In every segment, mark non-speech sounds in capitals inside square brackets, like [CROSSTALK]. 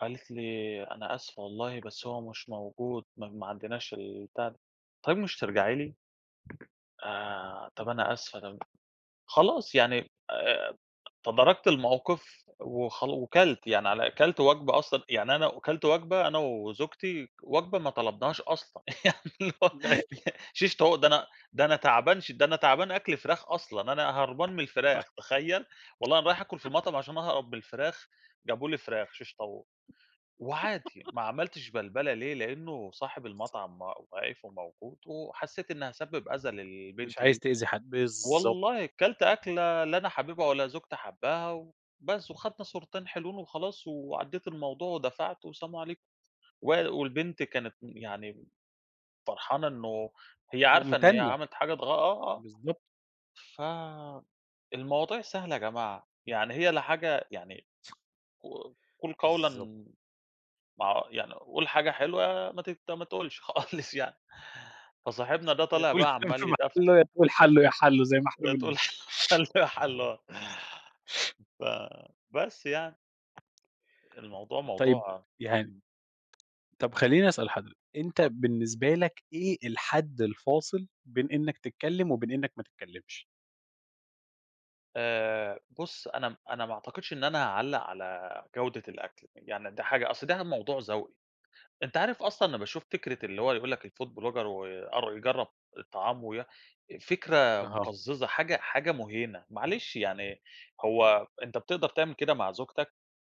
قالت لي: "أنا آسفة والله بس هو مش موجود ما ما عندناش البتاع." طيب مش ترجعي لي! آآ إمم. "طَب أنا آسفة." طب خلاص يعني آآ تداركت الموقف وخل وكلْت يعني على كلْت بالض وجْبة أصلًا، يعني أنا وكلْت وجْبة أنا وزوجتي وجْبة ما طلبناهاش أصلًا. يعني اللي هو [UNINTELLIGIBLE] [CHUCKLES] شيش طاوو ده أنا ده أنا تعبان ش ده أنا تعبان أكْل فراخ أصلًا، أنا هربان من صح الفراخ تخيّل؟ والله أنا رايح آكُل في المطعم عشان أهرب من الفراخ، جابوا لي فراخ شيش طاووق وعادي [CHUCKLES] ما عملتش بلْبَلة ليه؟ لإنّه صاحب بالض المطعم واقف وموجود وحسّيت إنّي هاسبِّب أذى مش للبنت عايز دي. تأذي حد، بالضبط. والله كلْت أكلة لا أنا حاببها ولا زوجتي حابّاها وبس وخدنا صورتين حلوين وخلاص وعدّيت الموضوع ودفعت وسلام عليكم وال والبنت كانت يعني فرحانة إنه هي عارفة إن هي مُمتنَّة. عملت حاجات غ آه، بالضبط. بالضب آه. ف المواضيع سهلة يا جماعة، يعني هي لا حاجة يعني ق قُل بالضب قوْلًا مع يعني قُل حاجة حلوة ما تت ما تقولش خالص يعني. فصاحبنا ده يا طالع تقول بقى كلام عمّال في يتفْت مَحلُّه يا تقول حَلُّو يا حَلُّو زي ما إحنا هي بنقول. تقول حَلُّو يا حَلُّو آه. فبس يعني. الموضوع طيب، موضوع يعني إمم. طَب خلّيني أسأل حض أنت اتفضّل. بالنسبة لك إيه الحد الفاصل بين إنّك تتكلِّم وبين إنّك ما تتكلِّمش؟ آآ بُص، أنا م أنا ما أعتقدش إن أنا هاعلّق على جودة الأكل، يعني ده حاجة أصل ده موضوع ذَوْقي. أنت عارف أصلًا أنا باشوف فكرة اللي هو يقول لك الFood Blogger ويأر يجرّب الطعام ويا فكرة أها. مُقزّزة، حاجة حاجة مُهيْنة. معلش يعني هو أنت بتقدر تعمل كده مع زوجتك؟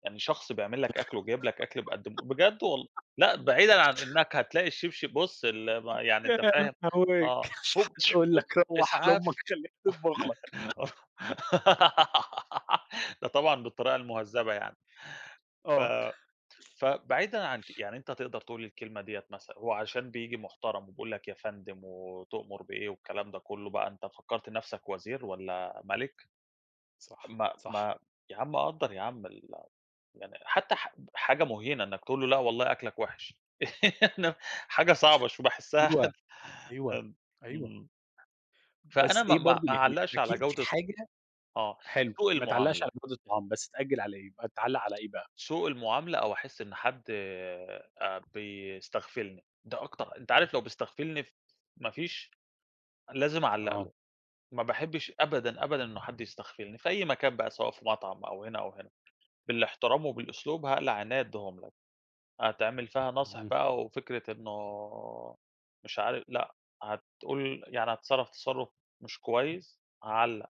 يعني شخص بيعمل لك أكْل وجايب لك أكل بيقدِّم بجد وال [CHUCKLES] لأ، بعيدًا عن إنّك هتلاقي الشِبْشِب بُص ال ما يعني أنت فاهم، [UNINTELLIGIBLE] آه مش هوب حتقول هوب لك روّح إسعاف لأمك خلّيها تطبُخ لك. [CHUCKLES] [LAUGHS] ده طبعًا بالطريقة المُهذّبة يعني. ف آه. [CHUCKLES] فبعيدًا عن ك يعني أنت تقدر تقول الكلمة ديّة مثلًا، هو عشان بييجي محترم وبيقول لك يا فندم وتؤمر بإيه والكلام ده كُلّه بقى أنت فكّرت نَفْسك وزير والّا مَلِك؟ صح، ما صح. ما يا عَم قدّر يا عَم ال يعني حتّى ح حاجة مُهْينة إنّك تقول له لأ والله أكْلك وحِش. [LAUGHS] إحنا حاجة صعبة شو وباحسّها حد أيوه. أيوه. ام أيوه. إمم. فأنا بس ما إيه ما برضه ما يعني أعلَّقش على أكيد في جودة حاجة آه. حلو، سوء ما تعلَّقش على المُعاملة. جودة الطعام، بس تأجِّل على إيه؟ ما تعلَّق على إيه بقى؟ سوء المعاملة أو أحِس إن حد آآ بيستغفلني، ده أكتر أنت عارف لو بيستغفلني ف ما فيش لازم أعلَّق آه. له. ما باحبّش أبدًا، أبدًا إنه حد يستغفلني في أي مكان بقى سواء في مطعم أو هنا أو هنا، بالاحترام وبالأسلوب هاقلع عينيّا أدّيهم لك، هتعمل فيها ناصح اهم. بقى وفكرة إنه مش عار لأ، هتقول يعني هتتصرّف تصرّف مش كويس، هاعلَّق.